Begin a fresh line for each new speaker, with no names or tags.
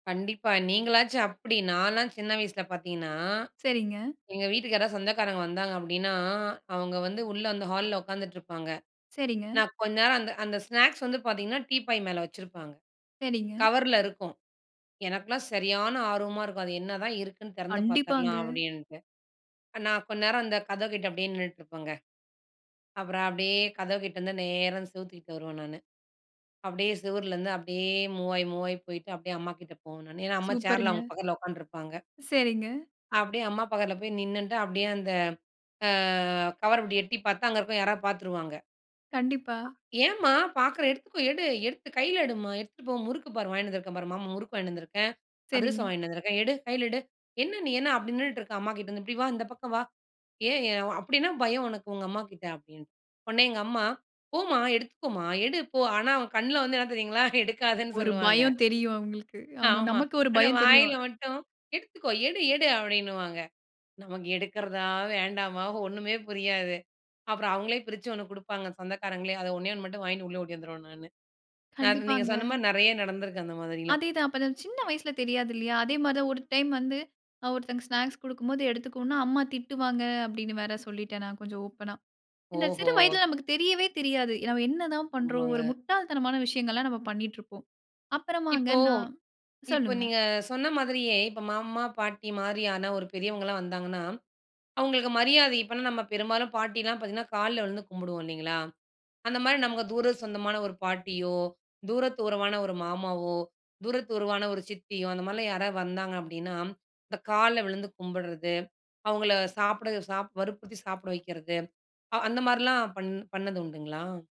கண்டிப்பா. நீங்களாச்சும் அப்டி. நான்லாம் சின்ன வயசுல பாத்தீங்கனா,
சரிங்க.
எங்க வீட்டுக்கு யாராவது சொந்தக்காரங்க வந்தாங்க அப்படின்னா, அவங்க வந்து உள்ள அந்த ஹால்ல உட்காந்துட்ருப்பாங்க.
சரிங்க.
நான் கொஞ்ச நேரம் அந்த அந்த ஸ்நாக்ஸ் வந்து பாத்திங்கன்னா டீப்பாய் மேல வச்சிருப்பாங்க.
சரிங்க.
கவர்ல இருக்கும். எனக்கெல்லாம் சரியான ஆர்வமா இருக்கும், அது என்னதான் இருக்குன்னு திறந்து
கண்டிப்பாங்க.
பாத்துற்லாம் அப்டின்டு. ஆ, நான் கொண் நேரம் அந்த கதவ் கிட்ட அப்படியே நின்னுட்டுருப்பங்க. அப்பறம் அப்படியே கதவு கிட்டந்து நேரா அந்த செவ்த்துக்கிட்ட வருவேன் நானு. அப்படியே செவுருலந்து அப்படியே மூவ் ஆயி, மூவ் ஆயி போயிட்டு, அப்படியே அம்மா கிட்ட போவன் நானு. ஏன்னா அம்மா சேர்ல
சூப்பர்ங்க.
அவங்க பக்கத்துல உட்கான்ட்ருப்பாங்க.
சரிங்க.
அப்டியே அம்மா பக்கத்தில போய் நின்னுட்டு, அப்டியே அந்த ஆ, கவர் அப்டி எட்டி பாத்தா, அங்க இருக்கிற யாராவது பார்த்துருவாங்க.
கண்டிப்பா.
"ஏம்மா, பாக்கிற எடுத்துக்கோ எடு, எடுத்து கையில எடுமா, எடுத்துட்டு போ. முறுக்கு பார் வாங்கின்னு வந்துருக்கேன் பார், மாமா முறுக்கு வாங்கின்னு வந்திருக்கேன், அதிரசம்
சரிங்க.
வாங்கின்னு வந்திருக்கேன், எடு கையில எடு. என்ன நீ என்ன அப்டி நின்னுட்டு இருக்க அம்மா கிட்டேருந்து இப்படி வா, இந்த பக்கம் வா. ஏன் ஏ அப்படி என்ன பயம் உனக்கு உங்க அம்மாகிட்ட." அப்டின்னு. உடனே எங்க அம்மா "போமா, எடுத்துக்கோமா, எடு போ." ஆனா அவங் கண்ல வந்து என்ன தெரியுங்களா, எடுக்காதன்னு
ஒரு
சொல்லுவாங்க.
பயம் தெரியும் அவங்களுக்கு. ஆமா
ஆமா.
நமக்கு ஒரு
ஆனா
பயம் தெரியும்.
வாயில மட்டும், "எடுத்துக்கோ எடு எடு" அப்டின்னுவாங்க. நமக்கு எடுக்கிறதா? வேண்டாமா? ஒண்ணுமே புரியாது. அப்புறம் அவங்களே பிரிச்சு ஒண்ணு குடுப்பாங்க சொந்தக்காரங்களே, அத ஒண்ணே 1 மட்டும் வாங்கின்னு உள்ள ஓடி வந்துருவேன் நானு. நான் நீங்க
கண்டிப்பாங்க.
சொன்ன மாரி நெறைய நடந்திருக்கு அந்த மாதிரிலாம்.
அதே தான். அப்ப நான் சின்ன வயசுல தெரியாது இல்லையா? அதே மாரி தான் ஒரு டைம் வந்து, ஆ ஒருத்தங்க ஸ்நாக்ஸ் குடுக்கும்போது எடுத்துக்கோன்னா, அம்மா திட்டுவாங்க அப்டினு வேற சொல்லிட்டேன் நான், கொஞ்சம் ஓப்பன்னா. இந்த சிறு
ஓஹோ!
வயதில நமக்கு தெரியவே தெரியாது. நம்ம என்னதான் பண்றோம். ஒரு
ஆமாங்க.
முட்டாள் தனமான விஷயங்கள்லாம் நாம பண்ணிட்ருப்போம். அப்றமாங்க
இப்போ
நான்
இப்போ
சொல்லுங்க.
நீங்க சொன்ன மாதிரியே இப்ப மாமா, பாட்டி மாரியான ஒரு பெரியவங்கள்லாம் வந்தாங்கன்னா, அவங்களுக்கு மரியாதை, இப்பனா நம்ம பெரும்பாலும் பாட்டிலாம் பாத்திங்கன்னா கால்ல விழுந்து கும்பிடுவோம் இல்லைங்களா. அந்த மாரி நமக்கு தூர சொந்தமான ஒரு பாட்டியோ, தூர தூரமான ஒரு மாமாவோ, தூர தூரவான ஒரு சித்தியோ, அந்தமாதிரிலாம் யாராவது வந்தாங்க அப்படினா, இந்த கால்ல விழுந்து கும்பிடுறது, அவங்கள சாப்பிட சாப் வறுப்புறுத்தி சாப்பிட வைக்கிறது, அ அந்த மாதிரிலாம் பண் பண்ணது உண்டுங்களா?